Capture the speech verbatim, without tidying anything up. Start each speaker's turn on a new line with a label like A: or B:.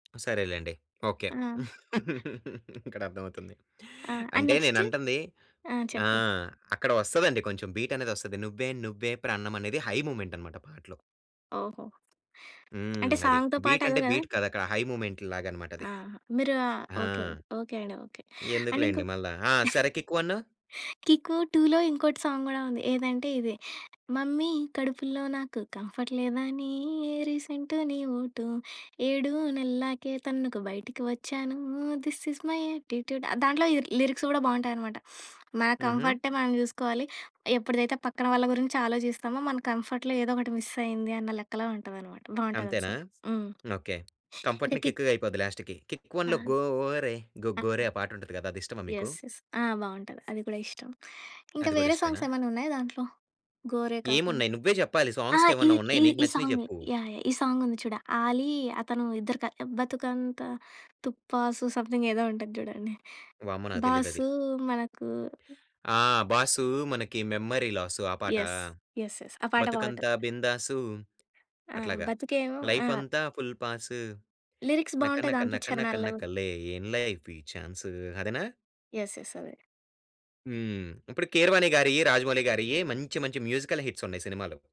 A: సరేలెండి. Okay.
B: ఆ!
A: ఇక్కడ అర్థమవుతుంది.
B: ఆ! అండ్
A: అంటే
B: నెక్స్ట్?
A: నేనంటుంది
B: ఆ!
A: ఆ!
B: చెప్పు.
A: అక్కడ వస్తదండి కొంచెం బీట్ అనేదొస్తది 'నువ్వే నువ్వే ప్రాణం' అనేది హై మూమెంట్ అన్నమాట పాటలో.
B: ఓహో!
A: హ్మ్.
B: అంటే
A: అది.
B: సాంగ్‌తో పాటు
A: బీట్
B: అదే
A: అంటే
B: గదా!
A: బీట్ కాదక్కడ హై మూమెంట్ లాగన్నమాట అది.
B: ఆ! మీరు ఆహ్,
A: ఆ!
B: ఓకే. ఓకే. అండి. ఓకే. అండ్ ఇంకా
A: ఎందుకులెండి మళ్ళా. ఆ! సరే 'కిక్-1'
B: 'కిక్కు-2లో' ఇంకోటి సాంగ్ గూడా ఉంది ఏదంటే ఇ‌ది. మమ్మీ కడుపులో నాకు కంఫర్ట్ లేదని రీసెంటు నీ ఓటు ఏడు నెల్లకే తనకు బయటకి వచ్చానూ దిస్ ఇస్ మై యాట్టిట్యూడ్. దాంట్లో ఈ లిరిక్స్ గూడా బావుంటాయన్నమాట మన
A: హుహు.
B: కంఫర్టే మనం జూసుకోవాలి ఎప్పుడిదైతే పక్కన వాళ్ళ గురించి ఆలోచిస్తామో మన కంఫర్ట్‌లో ఏదో ఒకటి మిస్ అయింది అన్న లెక్కలో ఉంటదనమాట. బావుంటది ఆ
A: అంతేనా!
B: సాంగ్‌. హ్మ్.
A: ఓకే.
B: అంటే
A: కంఫర్ట్‌ని
B: కిక్
A: కిక్‌గా అయిపోద్ది లాస్ట్‌కి. 'కిక్-1' లో
B: ఆ!
A: గోరే 'గో
B: ఆ!
A: గోరే' ఆ పాట ఉంటది గదా! అదిష్టమా మీకు?
B: యెస్. యెస్. ఆ! బావుంటది. అది కూడా ఇష్టం. ఇంకా
A: అది గూడా
B: వేరే
A: ఇష్టమేనా?
B: సాంగ్స్ ఏమైనా ఉన్నాయా దాంట్లో? 'గోరే' కాకుం
A: ఏమున్నాయ్? నువ్వే జెప్పాలి.
B: ఆ! ఈ
A: సాంగ్సేమన్నా
B: ఈ
A: ఉన్నాయా నీకు
B: ఈ
A: నచ్చినయి
B: సాం‌గే
A: జెప్పు?
B: యాహ్! యాహ్! ఈ సాంగ్ ఉంది చూడు. ఆలీ, అతను ఇద్దరు‌ క 'బతుకంత తుప్పాసు' సంథింగ్ ఏదో ఉంటది చూడండి.
A: వామ్మో! నాకు తెలీదది.
B: 'బాసూ మనకు'
A: ఆ! 'బాసు మనకి మెమరీ లాసు ఆ పాటా?
B: యెస్. యెస్. యెస్. ఆ పాట బావుంటది.
A: 'బతుకంతా బిందాసు'
B: ఆ!
A: అట్లాగా.
B: బతుకేమో
A: లైఫ్
B: ఆ!
A: అంతా ఫుల్ పాస్
B: లిరిక్స్ బావుంటాయి
A: నకనక
B: దాంట్లో
A: నకనక
B: చరణాలు.
A: నకలే ఏం‌ లైఫీ చాన్సు అదేనా?
B: యెస్. యెస్. అదే.
A: హ్మ్ ఇప్పుడు కీరవాణి గారి‌యి, రాజమౌళి'గారియి మంచి మంచి మ్యూజికల్ హిట్స్ ఉన్నాయి సినిమాలు.